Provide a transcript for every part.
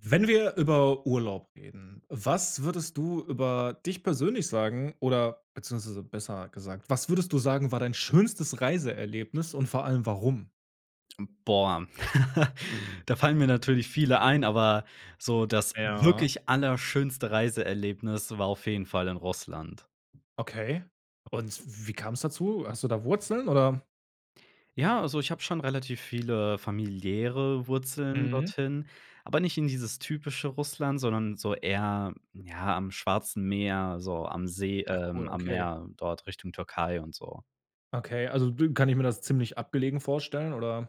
Wenn wir über Urlaub reden, was würdest du über dich persönlich sagen oder beziehungsweise besser gesagt, was würdest du sagen, war dein schönstes Reiseerlebnis und vor allem warum? Hm, boah. Da fallen mir natürlich viele ein, aber so das Ja. wirklich allerschönste Reiseerlebnis war auf jeden Fall in Russland. Okay. Und w wie kam es dazu? Hast du da Wurzeln, oder? Ja, also, ich habe schon relativ viele familiäre Wurzeln Mhm. dorthin, aber nicht in dieses typische Russland, sondern so eher, ja, am Schwarzen Meer, so am See, Ach cool, ähm, am okay. Meer dort Richtung Türkei und so. Okay, also du kann ich mir das ziemlich abgelegen vorstellen, oder?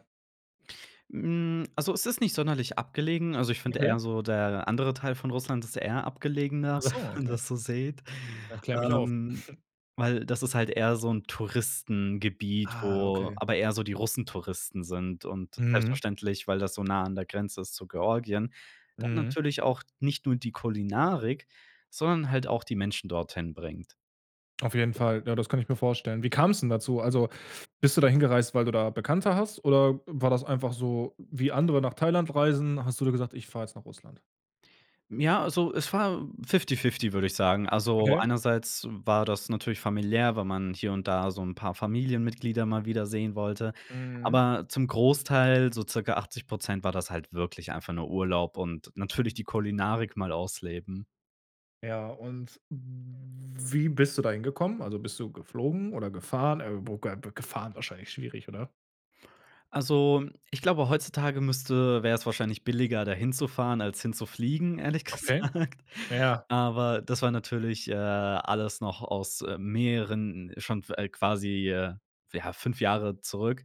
Hm, also, es ist nicht sonderlich abgelegen. Also, ich finde Okay. eher so der andere Teil von Russland, das ist eher abgelegener, Ach wenn so, man okay. das so seht, Na, klär mich auf. ähm, weil das ist halt eher so 'n Touristengebiet, Ah, wo okay. aber eher so die Russentouristen sind und Mhm. selbstverständlich, weil das so nah an der Grenze ist zu Georgien. Dann Mhm. natürlich auch nicht nur die Kulinarik, sondern halt auch die Menschen dorthin bringt. Auf jeden Fall. Ja, das kann ich mir vorstellen. Wie kam es denn dazu? Also, bist du da hingereist, weil du da Bekannte hast? Oder war das einfach so, wie andere nach Thailand reisen, hast du dir gesagt: „Ich fahre jetzt nach Russland“? Ja, also, es war fifty fifty, würde ich sagen. Also, Okay. einerseits war das natürlich familiär, weil man hier und da so 'n paar Familienmitglieder mal wieder sehen wollte, Mhm. aber zum Großteil, so circa 80 %, war das halt wirklich einfach nur Urlaub und natürlich die Kulinarik mal ausleben. Ja, und wie bist du da hingekommen? Also, bist du geflogen oder gefahren? Äh, wo ge gefahren wahrscheinlich schwierig, oder? Also, ich glaube, heutzutage müsste wäre es wahrscheinlich billiger, da hinzufahren, als hinzufliegen, ehrlich Okay. gesagt. Ja. Aber, das war natürlich, äh, alles noch aus mehreren schon f äh, quasi, ja, 5 Jahre zurück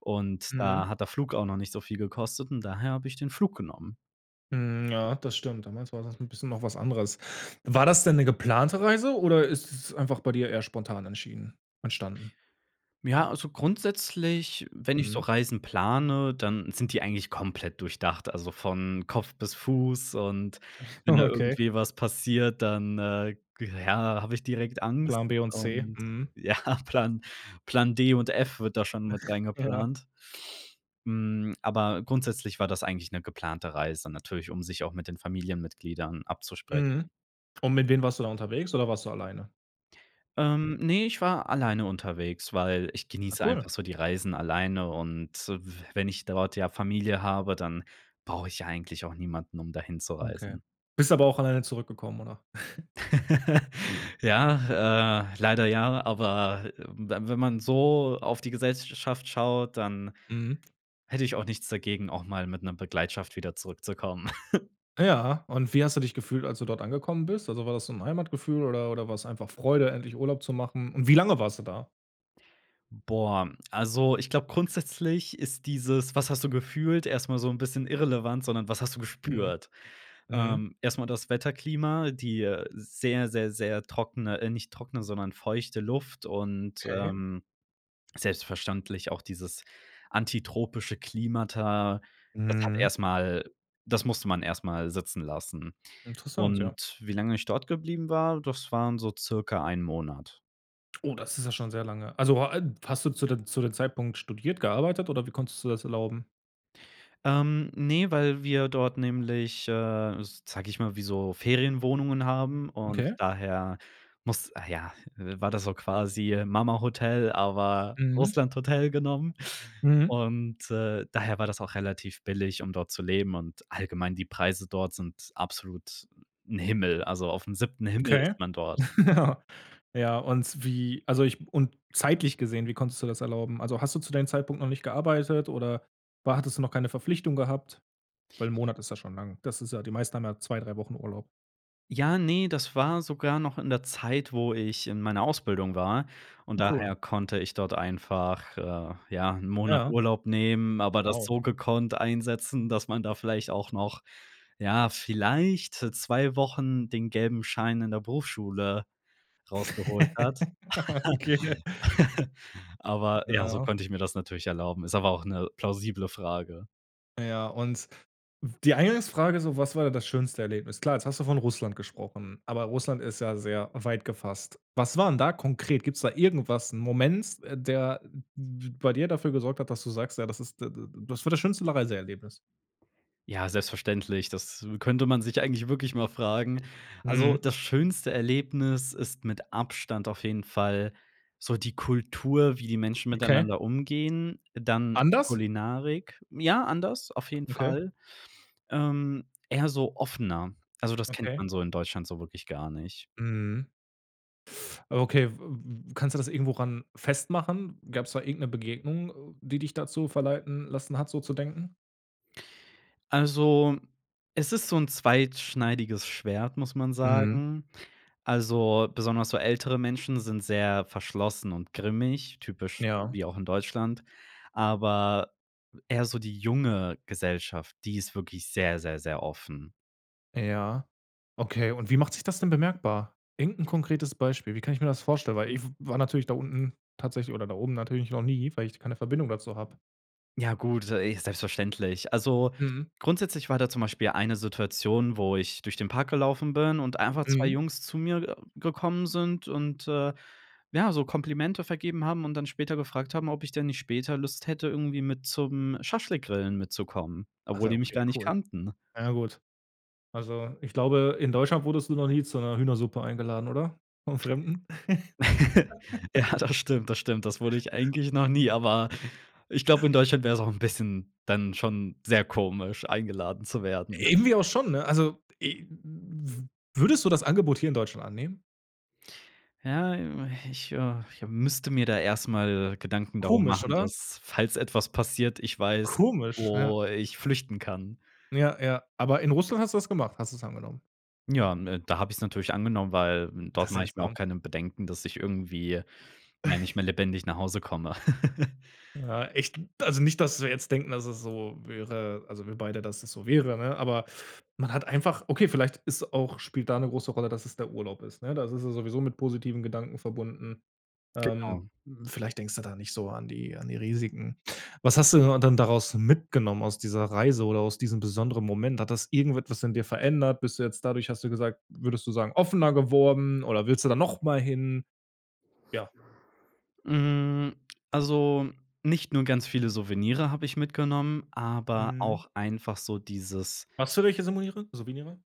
und Mhm. da hat der Flug auch noch nicht so viel gekostet und daher habe ich den Flug genommen. Hm. Ja, das stimmt. Damals war das 'n bisschen noch was anderes. War das denn 'ne geplante Reise oder ist es einfach bei dir eher spontan entschieden entstanden? Ja, also, grundsätzlich, wenn ich so Mhm. Reisen plane, dann sind die eigentlich komplett durchdacht, also von Kopf bis Fuß. Und wenn da Okay. irgendwie was passiert, dann, äh, ja, habe ich direkt Angst. Plan B und C. Und Mhm. ja, Plan Plan D und F wird da schon mit Ja. reingeplant. Hm, aber grundsätzlich war das eigentlich 'ne geplante Reise natürlich, um sich auch mit den Familienmitgliedern abzuspre Mhm. Und mit wem warst du da unterwegs oder warst du alleine? Ähm, ne, ich war alleine unterwegs, weil ich Ah, genieße einfach cool. so die Reisen alleine. Und w wenn ich dort ja Familie habe, dann brauche ich ja eigentlich auch niemanden, um dahin zu Okay. reisen. Bist aber auch alleine zurückgekommen, oder? Ja, äh, leider ja, aber, äh, we wenn man so auf die Gesellsch schaft schaut, dann Mhm. hätte ich auch nichts dagegen, auch mal mit 'ner Begleitung wieder zurückzukommen. Ja. Und wie hast du dich gefühlt, als du dort angekommen bist? Also, war das so 'n Heimatgefühl oder oder war's einfach Freude, endlich Urlaub zu machen? Und wie lange warst du da? Boah, also, ich glaube grundsätzlich ist dieses: „Was hast du gefühlt“, erst mal so 'n bisschen irrelevant, sondern: „Was hast du Mhm, gespürt?“ mhm. Ähm, erst mal das Wetterklima, die, äh, sehr, sehr, sehr trockene äh, nicht trockene, sondern feuchte Luft und, Okay. ähm, selbstverständlich auch dieses antitropische Klimata. Das hat Mhm. erst mal das musste man erst mal sitzen lassen. Interessant, ja. Und wie lange ich dort geblieben war, das waren so circa 1 Monat. Oh, das ist ja schon sehr lange. Also, o a hast du zu dem zu dem Zeitpunkt studiert, gearbeitet oder wie konntest du das erlauben? Ähm, ne, weil wir dort nämlich, äh, sage ich mal, wie so Ferienwohnungen haben und Okay. daher muss ah, ja, äh, war das so quasi Mamahotel, aber Mhm. Russlandhotel genommen. Mhm. Und, äh, daher war das auch relativ billig, um dort zu leben, und allgemein die Preise dort sind absolut 'n Himmel. Also aufm 7. Himmel Okay. ist man dort. Ja. Ja, und wie also ich und zeitlich gesehen, wie konntest du das erlauben? Also, hast du zu deinem Zeitpunkt noch nicht gearbeitet oder war hattest du noch keine Verpflichtung gehabt? Weil 'n Monat ist ja schon lang. Das ist ja die meisten haben ja 2, 3 Wochen Urlaub. Ja, ne, das war sogar noch in der Zeit, wo ich in meiner Ausbildung war, und Cool. daher konnte ich dort einfach, äh, ja, 'n Monat Ja. Urlaub nehmen, aber das Wow. so gekonnt einsetzen, dass man da vielleicht auch noch, ja, vielleicht 2 Wochen den gelben Schein in der Berufsschule rausgeholt hat. Okay, ne? Aber ja, so Ja. konnte ich mir das natürlich erlauben. Ist aber auch 'ne plausible Frage. Ja, und w die Eingangsfrage so: „Was war das schönste Erlebnis?“ Klar, jetzt hast du von Russland gesprochen, aber Russland ist ja sehr weit gefasst. Was war denn da konkret? Gibt's da irgendwas 'n Moment, der b bei dir dafür gesorgt hat, dass du sagst: „Ja, das ist d d d das war das schönste la Reiseerlebnis?“ Ja, selbstverständlich. Das könnte man sich eigentlich wirklich mal fragen. Also, Mhm. das schönste Erlebnis ist mit Abstand auf jeden Fall so die Kultur, wie die Menschen Okay. miteinander umgehen. Dann Anders? Kulinarik ja, anders auf jeden Okay. Fall. Ähm, eher so offener. Also, das kennt Okay. man so in Deutschland so wirklich gar nicht. Mhm. Okay. W w kannst du das irgendwo ran festmachen? Gab's da irgend 'ne Begegnung, die dich dazu verleiten lassen hat, so zu denken? Also, es ist so 'n zweischneidiges Schwert, muss man Mhm. sagen. Also, besonders so ältere Menschen sind sehr verschlossen und grimmig, typisch, Ja. wie auch in Deutschland, aber eher so die junge Gesellschaft, die ist wirklich sehr, sehr, sehr offen. Ja. Okay. Und wie macht sich das denn bemerkbar? Irgend 'n konkretes Beispiel. Wie kann ich mir das vorstellen? Weil ich war natürlich da unten tatsächlich oder da oben natürlich noch nie, weil ich keine Verbindung dazu habe. Ja gut, äh, selbstverständlich. Also, Mhm. grundsätzlich war da zum Beispiel eine Situation, wo ich durch den Park gelaufen bin und einfach 2 Mhm. Jungs zu mir [unintelligible] gekommen sind und, äh, ja, so Komplimente vergeben haben und dann später gefragt haben, ob ich denn nicht später Lust hätte, irgendwie mit zum Schaschlik-Grillen mitzukommen, obwohl Achso, die mich okay, gar nicht cool. kannten. Ja, gut. Also ich glaube, in Deutschland wurdest du noch nie zu 'ner Hühnersuppe eingeladen oder? Vom Fremden? Ja, das stimmt, das stimmt. Das wurde ich eigentlich noch nie, aber ich glaub, in Deutschland wär es auch 'n bisschen dann schon sehr komisch, eingeladen zu werden. Irgendwie auch schon, ne? Also e w w würdest du das Angebot hier in Deutschland annehmen? Ja, äh, ich äh ich müsste mir da erstmal Gedanken darum Komisch, machen, oder? dass, falls etwas passiert, ich weiß, Komisch, ja. wo ich flüchten kann. Ja, ja. Aber in Russland hast du das gemacht. Hast du es angenommen? Ja, m äh, da habe ich's natürlich angenommen, weil, hm, dort Das mache ich mir auch seltsam. keine Bedenken, dass ich irgendwie, ja, nicht mehr lebendig nach Hause komme. Ja, echt also, nicht, dass wir jetzt denken, dass es so wäre also, wir beide, dass es so wäre, ne? Aber man hat einfach okay, vielleicht ist auch spielt da 'ne große Rolle, dass es der Urlaub ist, ne? Da ist es sowieso mit positiven Gedanken verbunden. Ähm, Genau. vielleicht denkst du da nicht so an die an die Risiken. Was hast du und dann daraus mitgenommen aus dieser Reise oder aus diesem besonderen Moment? Hat das irgendetwas in dir verändert? Bist du jetzt dadurch hast du gesagt würdest du sagen offener geworden oder willst du da noch mal hin? Ja. Hm, also, nicht nur ganz viele Souvenirs habe ich mitgenommen, aber Mhm. auch einfach so dieses Hast du welche Samoire Souvenirs?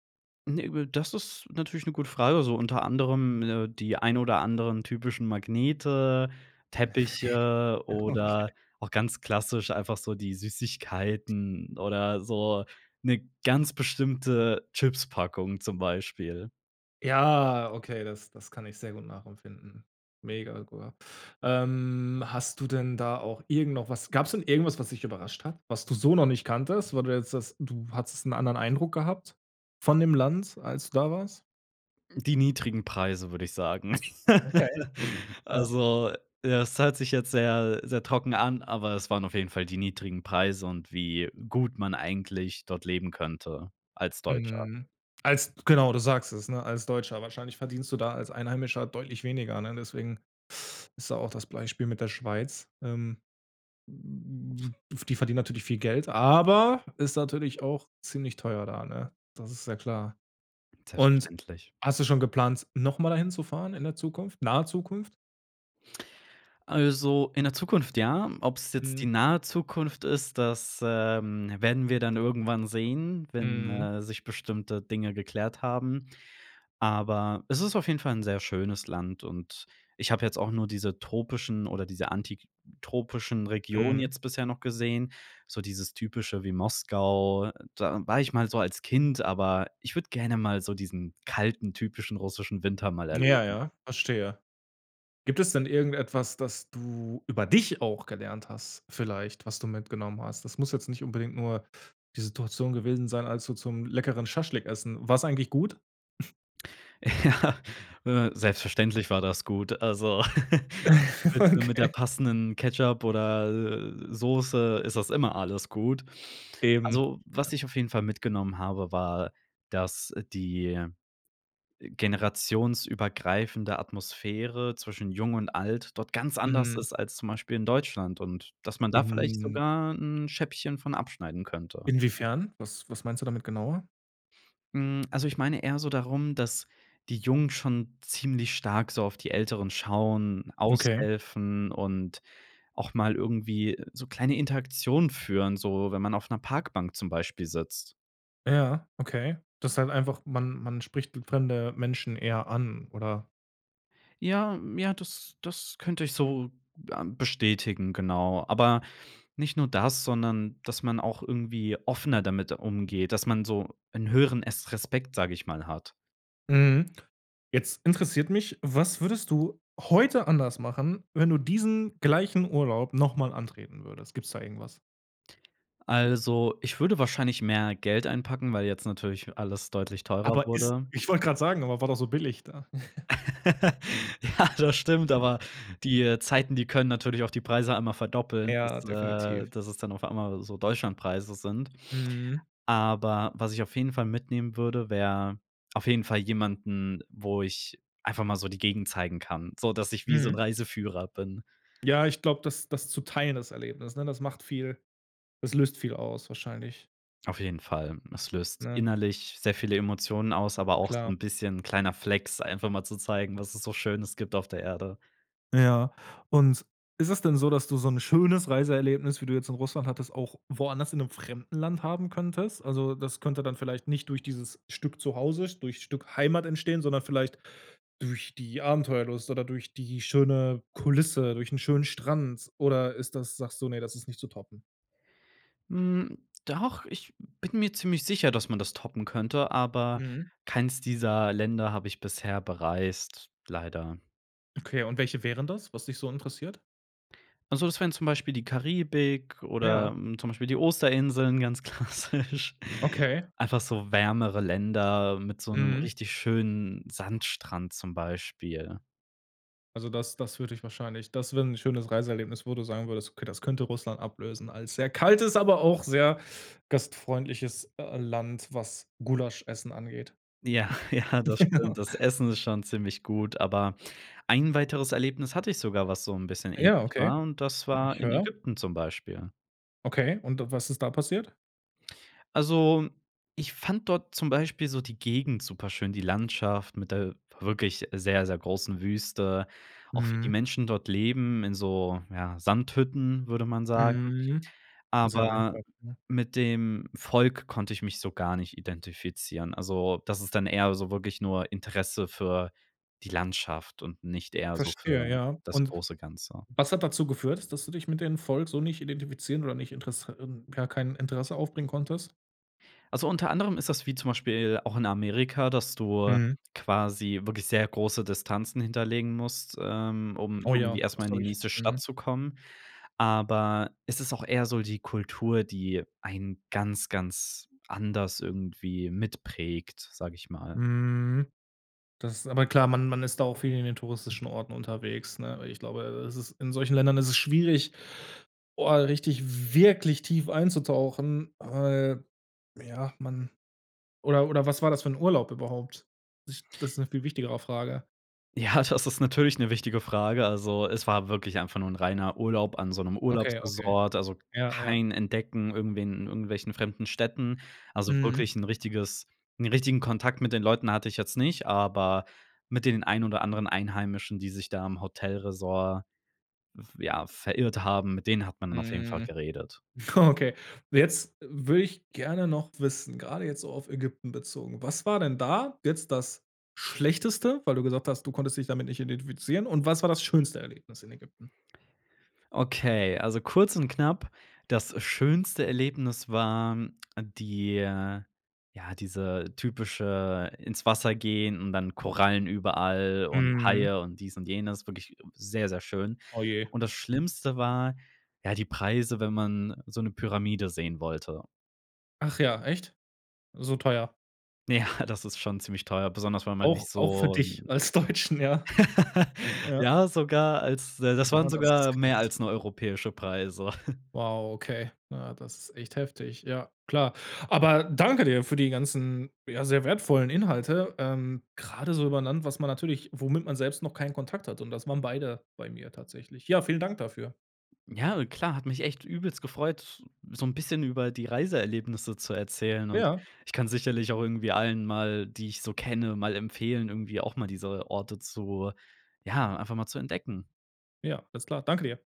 ne, w das ist natürlich 'ne gute Frage, so unter anderem, ne, die ein oder anderen typischen Magnete, Teppiche Okay. oder auch ganz klassisch einfach so die Süßigkeiten oder so 'ne ganz bestimmte Chips-Packung zum Beispiel. Ja, okay, das das kann ich sehr gut nachempfinden. Mega, gu ähm, hast du denn da auch irgend noch was gab es denn irgendwas, was dich überrascht hat? Was du so noch nicht kanntest? Weil du jetzt sagst, du hattest 'n anderen Eindruck gehabt von dem Land, als du da warst? Die niedrigen Preise, würde ich sagen. Okay. Ja. Also, ja das hört sich jetzt sehr, sehr trocken an, aber es waren auf jeden Fall die niedrigen Preise und wie gut man eigentlich dort leben könnte als Deutscher. Mhm. Als genau, du sagst es, ne, als Deutscher. Wahrscheinlich verdienst du da als Einheimischer deutlich weniger, ne? Deswegen ist da auch das Beispiel mit der Schweiz. Ähm. F die verdienen natürlich viel Geld, aber ist natürlich auch ziemlich teuer da, ne? Das ist ja klar. Und, Selbstverständlich. hast du schon geplant, noch mal da hinzufahren in der Zukunft, nahe Zukunft? Also, in der Zukunft ja, ob es jetzt die Mhm. nahe Zukunft ist, das, ähm, werden wir dann irgendwann sehen, wenn, Mhm. äh, sich bestimmte Dinge geklärt haben, aber es ist auf jeden Fall 'n sehr schönes Land und ich habe jetzt auch nur diese tropischen oder diese antitropischen Regionen Mhm. jetzt bisher noch gesehen. So dieses Typische wie Moskau, da war ich mal so als Kind, aber ich würde gerne mal so diesen kalten, typischen russischen Winter mal Ja, erleben. ja. Verstehe. Gibt es denn irgendetwas, das du über dich auch gelernt hast vielleicht, was du mitgenommen hast? Das muss jetzt nicht unbedingt nur die Situation gewesen sein, als du zum leckeren Schaschlik essen war's eigentlich gut? Ja. Äh, selbstverständlich war das gut. Also, mit, äh, mit der Okay. passenden Ketchup oder, äh, Soße ist das immer alles gut. Eben. Also, was ich auf jeden Fall mitgenommen habe, war, dass die, äh, generationsübergreifende Atmosphäre zwischen Jung und Alt dort ganz anders Mhm. ist als zum Beispiel in Deutschland und dass man da vielleicht In sogar 'n Scheibchen von abschneiden könnte. Inwiefern? Was was meinst du damit genauer? Mhm, also, ich meine eher so darum, dass die Jungen schon ziemlich stark so auf die Älteren schauen, Okay. aushelfen und auch mal irgendwie so kleine Interaktionen führen, so, wenn man auf 'ner Parkbank zum Beispiel sitzt. Ja, okay. Das ist halt einfach, man man spricht fremde Menschen eher an, oder? Ja m ja, das das könnte ich so, ähm, bestätigen, genau. Aber nicht nur das, sondern dass man auch irgendwie offener damit umgeht, dass man so 'n höheren Es Respekt, sage ich mal, hat. Mmh. Jetzt interessiert mich, was würdest du heute anders machen, wenn du diesen gleichen Urlaub noch mal antreten würdest? Gibt es da irgendwas? Also, ich würde wahrscheinlich mehr Geld einpacken, weil jetzt natürlich alles deutlich teurer Aber ist wurde. ich wollte grad sagen, aber war doch so billig da. Ja, das stimmt, aber die, äh, Zeiten, die können natürlich auch die Preise einmal verdoppeln, Ja, dass, definitiv. äh, dass es dann auf einmal so Deutschlandpreise sind. Mhm. Aber was ich auf jeden Fall mitnehmen würde, wäre auf jeden Fall jemanden, wo ich einfach mal so die Gegend zeigen kann, sodass ich wie so 'n Mhm. Reiseführer bin. Ja, ich glaube, das das zu teilen das Erlebnis, ne? Das macht viel das löst viel aus wahrscheinlich. Auf jeden Fall. Das löst Ne? innerlich sehr viele Emotionen aus, aber auch so Klar. 'n bisschen kleiner Flex, einfach mal zu zeigen, was es so Schönes gibt auf der Erde. Ja. Und ist es denn so, dass du so 'n schönes Reiseerlebnis, wie du jetzt in Russland hattest, auch woanders in 'nem fremden Land haben könntest? Also, das könnte dann vielleicht nicht durch dieses Stück zu Hause, durch Stück Heimat entstehen, sondern vielleicht durch die Abenteuerlust oder durch die schöne Kulisse, durch 'n schönen Strand? Oder ist das sagst du: „Ne, das ist nicht zu toppen.“? Hm, doch, ich bin mir ziemlich sicher, dass man das toppen könnte, aber Mhm. keins dieser Länder habe ich bisher bereist, leider. Okay, und welche wären das, was dich so interessiert? Also, das wären zum Beispiel die Karibik oder, Ja. hm, zum Beispiel die Osterinseln ganz klassisch. Okay. Einfach so wärmere Länder mit so 'nem Mhm. richtig schönen Sandstrand zum Beispiel. Also, das das würde dich wahrscheinlich das wäre 'n schönes Reiseerlebnis, wo du sagen würdest: „Okay, das könnte Russland ablösen als sehr kaltes, aber auch sehr gastfreundliches, äh, Land“, was Gulaschessen angeht. Ja, ja, das stimmt. Das Essen ist schon ziemlich gut, aber ein weiteres Erlebnis hatte ich sogar, was so 'n bisschen ähnlich Ja, okay. war und das Ich war in höre. Ägypten zum Beispiel. Okay, und, äh, was ist da passiert? Also, ich fand dort zum Beispiel so die Gegend superschön, die Landschaft mit der wirklich sehr, sehr großen Wüste. Auch wie die Mhm. Menschen dort leben, in so, ja, Sandhütten, würde man sagen. Mhm. Sehr Aber einfach, ne? mit dem Volk konnte ich mich so gar nicht identifizieren. Also, das ist dann eher so wirklich nur Interesse für die Landschaft und nicht eher so Verstehe, für ja. das Und, große Ganze. was hat dazu geführt, dass du dich mit dem Volk so nicht identifizieren oder nicht Interess ähm ja, kein Interesse aufbringen konntest? Also, unter anderem ist das wie zum Beispiel auch in Amerika, dass du Mhm. quasi wirklich sehr große Distanzen hinterlegen musst, ähm, um Oh irgendwie ja, erst das mal in die glaube ich, nächste Stadt mhm. zu kommen. Aber es ist auch eher so die Kultur, die einen ganz, ganz anders irgendwie mitprägt, sage ich mal. Mhm. Das aber klar, man man ist da auch viel in den touristischen Orten unterwegs, ne? Weil ich glaube, äh, es ist in solchen Ländern ist es schwierig, boah, richtig wirklich tief einzutauchen, weil, ja, man oder oder was war das für 'n Urlaub überhaupt? [unintelligible] Das ist 'ne viel wichtigere Frage. Ja, das ist natürlich 'ne wichtige Frage. Also, es war wirklich einfach nur 'n reiner Urlaub an so 'nem Okay, okay. Urlaubsressort, also Ja, ja. kein Entdecken irgendwie in irgendwelchen fremden Städten. Also Mhm. wirklich 'n richtiges 'n richtigen Kontakt mit den Leuten hatte ich jetzt nicht, aber mit den ein oder anderen Einheimischen, die sich da am Hotelressort v ja, verirrt haben, mit denen hat man dann auf jeden Fall Mhm. geredet. Okay. Jetzt würde ich gerne noch wissen, grade jetzt so auf Ägypten bezogen: Was war denn da jetzt das Schlechteste? Weil du gesagt hast, du konntest dich damit nicht identifizieren. Und was war das schönste Erlebnis in Ägypten? Okay, also kurz und knapp. Das schönste Erlebnis war die äh, ja, diese typische ins Wasser gehen und dann Korallen überall und Mhm. Haie und dies und jenes, wirklich sehr, sehr schön. Oh, je. Und das Schlimmste war, ja, die Preise, wenn man so 'ne Pyramide sehen wollte. Ach ja, echt? So teuer? Ja, das ist schon ziemlich teuer, besonders, weil man Auch nicht auch für so dich 'n als Deutschen, ja? Ja. Ja, sogar als da das waren Na, das ist sogar mehr krass. als nur europäische Preise. Wow, okay. Ja, das ist echt heftig. Ja, klar. Aber danke dir für die ganzen, ja, sehr wertvollen Inhalte, ähm, grade so über 'n Land, was man natürlich womit man selbst noch keinen Kontakt hatte, und das waren beide bei mir tatsächlich. Ja, vielen Dank dafür. Ja, klar, hat mich echt übelst gefreut, so 'n bisschen über die Reiseerlebnisse zu erzählen. Und Ja. ich kann sicherlich auch irgendwie allen mal, die ich so kenne mal empfehlen, irgendwie auch mal diese Orte zu, ja, einfach mal zu entdecken. Ja, alles klar. Danke dir.